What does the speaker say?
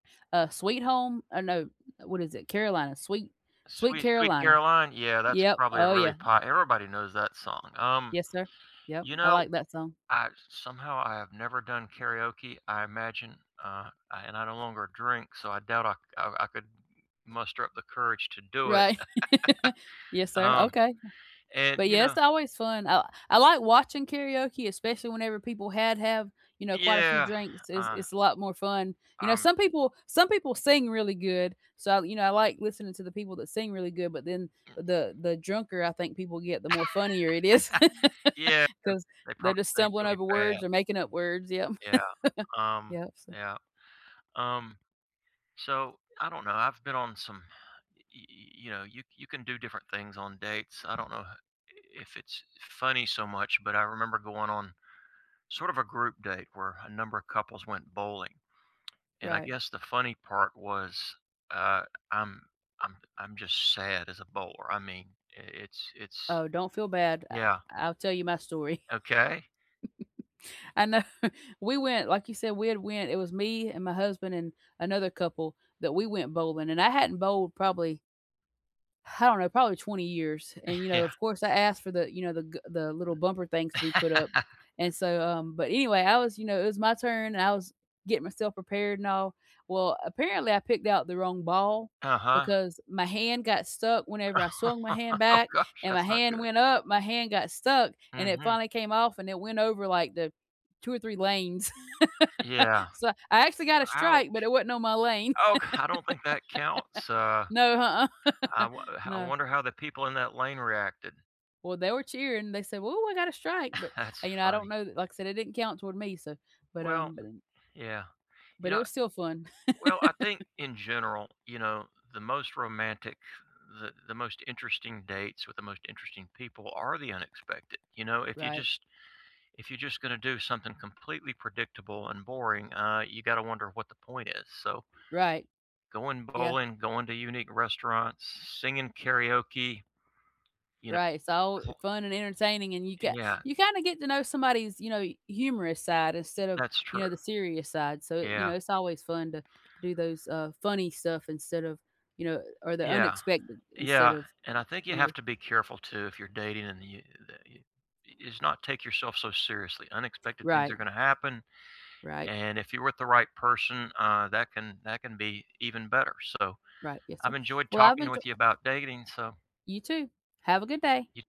Uh, Sweet Home oh, no, uh, what is it? Carolina Sweet Sweet Sweet Sweet Carolina, Caroline, yeah, that's yep, probably a oh, really yeah. pot everybody knows that song, um, Yes, sir, yep, you I know, like that song. I somehow, I have never done karaoke, I imagine uh, and I no longer drink, so I doubt I c I I could muster up the courage to do it. Right, yes, sir, Um, okay, and, but, you yeah, know it's always fun, I I like watching karaoke especially whenever people had have, you know, quite a few Yeah, drinks, it's uh it's a lot more fun, you know, Um some people some people sing really good, so, you know, I like listening to the people that sing really good but then Mm-mm the the drunker I think people get the more funnier it is Yeah, and 'cause they they're probably just sing stumbling really over words bad. or making up words, yep Yeah, um yep, so yeah, um, so, I don't know, I've been on some y y y you know, you c you can do different things on dates, I don't know i if it's funny so much, but I remember going on sort of a group date where a number of couples went bowling, and I Right. guess the funny part was, uh, I'm I'm I'm just sad as a bowler, I mean, i it's it's Oh, don't feel bad, I Yeah. I'll tell you my story, Okay. I know, we went, like you said, we had went it was me and my husband, and another couple that we went bowling, and I hadn't bowled probably I don't know probably 20 years and, you know, Yeah. of course I asked for the, you know, the g the little bumper things to be put up, and so, um but anyway, I was, you know, it was my turn, and I was getting myself prepared and all. Well, apparently, I picked out the wrong ball Uh-huh. because my hand got stuck whenever I swung my hand Oh back, gosh, and my that's not hand good. went up, my hand got stuck, and it Mhm. finally came off, and it went over, like, the 2 or 3 lanes, Yeah, so, I I actually got a strike, but ouch, it wasn't on my lane, oh c I don't think that counts, uh, no, I uh-uh. wo how I No. wonder how the people in that lane reacted. Well, they were cheering, they said, "Whoo, I got a strike," but, That's uh, you know, I don't funny. know like I said, it didn't count toward me, so but, Well um b yeah, you But it know was still fun. well, I think in general, you know, the most romantic th the most interesting dates with the most interesting people are the unexpected, you know, if you Right. just if you just gonna do something completely predictable and boring, uh, you gotta wonder what the point is, so Right, Going yeah. bowling, going to unique restaurants, singing karaoke You Right, it's all, uh, kn fun and entertaining, and you E got yeah. you kinda get to know somebody's, you know, y humorous side instead of, That's you true, know, the serious side, so, you yeah. know, it's always fun to do those, uh, funny stuff instead of you know, or the Yeah unexpected instead yeah, of, and I think you you know have to be careful too if you're dating and you [unintelligible] is not take yourself so seriously, unexpected things are Right. gonna happen, Right. and if you're with the right person, uh, that can that can be even better, so, Right, yes, sir, I've enjoyed well, I've talking enjo with you about dating, so You too, have a good day. You